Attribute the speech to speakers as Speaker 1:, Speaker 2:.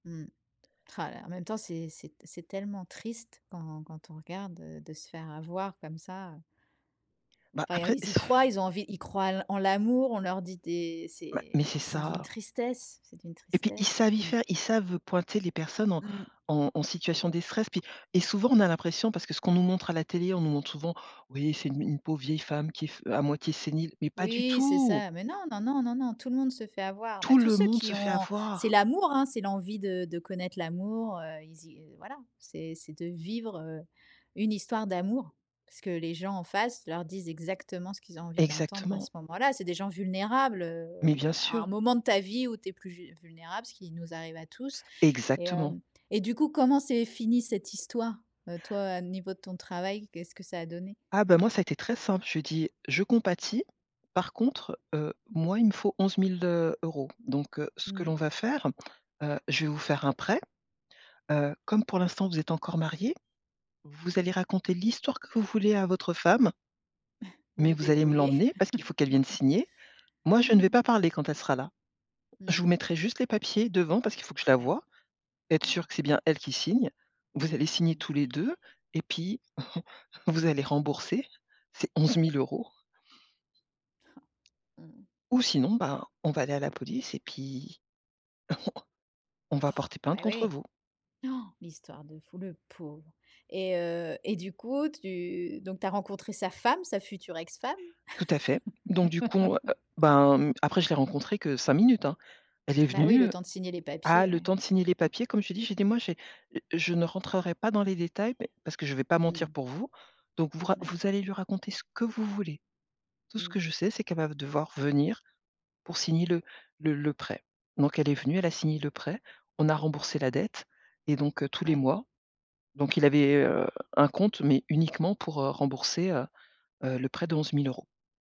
Speaker 1: Mmh. Rah là là! En même temps, c'est c'est t c'est tellement triste quand quand on regarde, heu, de se faire avoir comme ça, heu.
Speaker 2: Bah,
Speaker 1: Enfin, eux,
Speaker 2: après
Speaker 1: ils y croient. Ils ont envie ils croient en l'a en l'amour, on leur dit des
Speaker 2: Ouais.
Speaker 1: c'est
Speaker 2: Mais, c'est
Speaker 1: c'est d'une
Speaker 2: ça.
Speaker 1: tristesse! C'est d'une
Speaker 2: Et puis, ils
Speaker 1: tristesse.
Speaker 2: savent y
Speaker 1: Mmh.
Speaker 2: faire. Ils savent, heu, pointer les personnes en
Speaker 1: Mmh.
Speaker 2: en en situation des stress. Puis et souvent, on a l'impression, parce que, ce qu'on nous montre à la télé, on nous montre souvent, oui, c'est une une pauvre vieille femme, qui est f heu, à moitié sénile. Mais pas du
Speaker 1: Oui, c'est
Speaker 2: tout!
Speaker 1: ça! Mais non, non, non, non, non, tout le monde se fait avoir. Bah,
Speaker 2: Tout
Speaker 1: tous
Speaker 2: le
Speaker 1: ceux
Speaker 2: monde se
Speaker 1: qui
Speaker 2: fait
Speaker 1: ont c'est
Speaker 2: avoir!
Speaker 1: l'amour, hein. C'est l'envie de de connaître l'amour, heu. Ils y heu voilà. C'est c'est de vivre, heu, une histoire d'amour. Parce que, les gens en face, leur disent exactement ce qu'ils ont envie d'entendre à ce
Speaker 2: Exactement.
Speaker 1: moment-là. C'est des gens vulnérables, heu,
Speaker 2: Mais, bien
Speaker 1: à
Speaker 2: sûr.
Speaker 1: un moment de ta vie où tu es plus ju vulnérable, ce qui nous arrive à tous. Et,
Speaker 2: Exactement.
Speaker 1: hem, et du coup, comment s'est finie cette histoire? Heu, toi, au niveau de ton travail, qu'est-ce que ça a donné?
Speaker 2: Ah bah, moi, ça a été très simple, je lui ai dis: «Je compatis, par contre, heu, moi, il me faut 11 000 €. Donc, heu, ce que
Speaker 1: Mmh.
Speaker 2: l'on va faire, heu, je vais vous faire un prêt. Heu, comme pour l'instant vous êtes encore mariés, vous allez raconter l'histoire que vous voulez à votre femme»
Speaker 1: Vous
Speaker 2: «mais,
Speaker 1: vous
Speaker 2: vous allez me
Speaker 1: débrouillez.
Speaker 2: l'emmener. Parce qu'il faut qu'elle vienne signer. Moi, je ne vais pas
Speaker 1: Ah!
Speaker 2: parler quand elle sera là. Je vous
Speaker 1: Mmh.
Speaker 2: mettrai juste les papiers, devant, parce qu'il faut que je la
Speaker 1: Ouais.
Speaker 2: voie, être sûre
Speaker 1: Ouais.
Speaker 2: que c'est bien elle qui signe. Vous allez signer
Speaker 1: Mmh.
Speaker 2: tous les 2, et puis vous allez rembourser ces 11 000 €
Speaker 1: Ha! Mmh.
Speaker 2: ou sinon, ben, on va aller à la police, et puis on on va porter
Speaker 1: Bah,
Speaker 2: plainte contre
Speaker 1: oui!
Speaker 2: vous.»
Speaker 1: Han! L'histoire de fou, le pauvre! Et, heu, et du coup, tu donc tu as rencontré sa femme, sa future ex-femme?
Speaker 2: Tout à fait. Donc, du coup, on va a ben mmh, après, je l'ai rencontrée que 5 minutes, hein. Elle est
Speaker 1: Bah oui, le
Speaker 2: venue
Speaker 1: temps de signer les
Speaker 2: ah
Speaker 1: papiers,
Speaker 2: le
Speaker 1: ouais.
Speaker 2: temps de signer les papiers comme je t'ai dit, j'ai dit: «Moi, j'ai je ne rentrerai pas dans les détails mais parce que je vais pas
Speaker 1: Mmh
Speaker 2: mentir
Speaker 1: mh.
Speaker 2: pour vous, donc vous ra
Speaker 1: Mouais.
Speaker 2: vous allez lui raconter ce que vous voulez. Tout ce que
Speaker 1: Mmh.
Speaker 2: je sais, c'est qu'elle va ve devoir venir pour signer le le le prêt.». Donc, elle est venue, elle a signé le prêt. On a remboursé la dette et donc, heu, tous les
Speaker 1: Ouais.
Speaker 2: mois. Donc, il avait, heu, un compte mais uniquement pour, heu, rembourser, heu heu, le prêt de 11 000 €.